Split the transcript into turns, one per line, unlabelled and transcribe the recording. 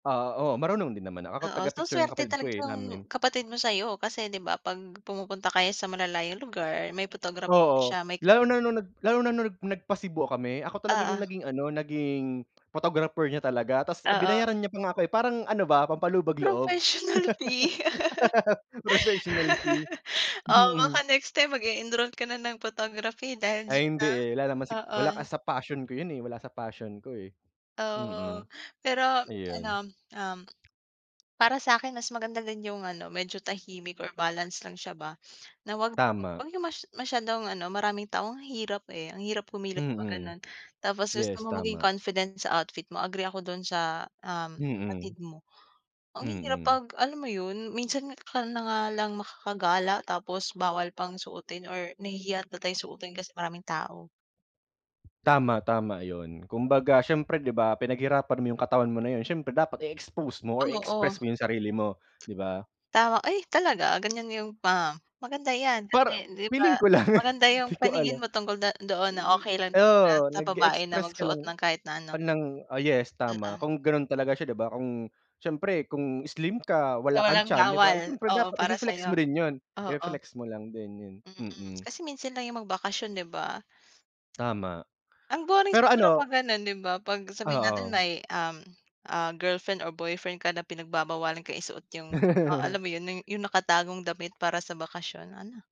Ah, oo, marunong din naman, ako
Oo, so
taga-picture ng
swerte
kapatid ko,
talaga
eh,
yung
namin.
kapatid mo sa'yo kasi 'di ba, 'pag pumupunta kayo sa malalayong lugar may photographer na
Oo,
siya may
lalo na nung nag lalo na nung nag nagpa-Cebu kami ako talaga yung
Oo.
naging ano, naging, photographer niya talaga ta's
Oo.
binayaran niya pa nga ako, eh. Parang ano ba, pampalubag loob.
Professional fee.
Professional fee,
Oo,
mm.
baka next time mag-e-enroll ka na ng photography dahil
Ay hindi,
diyan,
eh, wala naman si
ah,
wala
oo.
kasi sa passion ko 'yun, eh, wala sa passion ko, eh,
Oo,
mm.
pero ano,
Ayun.
um, para sa'kin mas maganda din yung ano medyo tahimik or balance lang siya ba, na 'wag,
Tama.
wag yung mas masyadong ano maraming tao ang hirap, eh, ang hirap kumilos 'pag
Mm,
gano'n. Tapos gusto
yes
mo maging
tama.
confident sa outfit mo, agree ako do'n sa, um,
Mm.
kapatid mo. Ang hirap
Mm.
'pag alam mo 'yun minsan ka na nga lang makakagala tapos bawal pang suotin or nahihiya na tayo suotin kasi maraming tao.
Tama, tama 'yun kumbaga siyempre 'di ba pinaghirapan mo yung katawan mo na 'yun siyempre dapat i-expose mo or
Oo.
i-express mo yung sarili mo, 'di ba?
Tama, ay talaga ganyan yung pa maganda yan
Para
kasi, 'di ba,
feeling ko lang,
maganda yung
'di ko
paningin
alam.
mo tungkol do doon na okey lang
Eh,
'di ba
oo
sa babae na
nag-e-express ka
magsuot
lang
ng kahit na ano.
ng oh, yes tama
Oo.
kung gano'n talaga siya 'di ba kung siyempre kung slim ka
So
wala kang
walang
tiyan 'di ba
bawal,
siyempre
oo
dapat
para
i-fe-flex
sa'yo?
mo rin 'yun,
Oo.
i-flex mo lang din 'yun,
Mm,
mm.
kasi minsan lang yung magbakasyon, 'di ba?
Tama,
Ang boring
pero
siguro 'pag
ano
gano'n 'di ba, 'pag sabihin natin
Oo.
may, um, ah, girlfriend or boyfriend ka na pinagbabawalan ka isuot yung oo, alam mo 'yun yung nakatagong damit para sa bakasyon ano?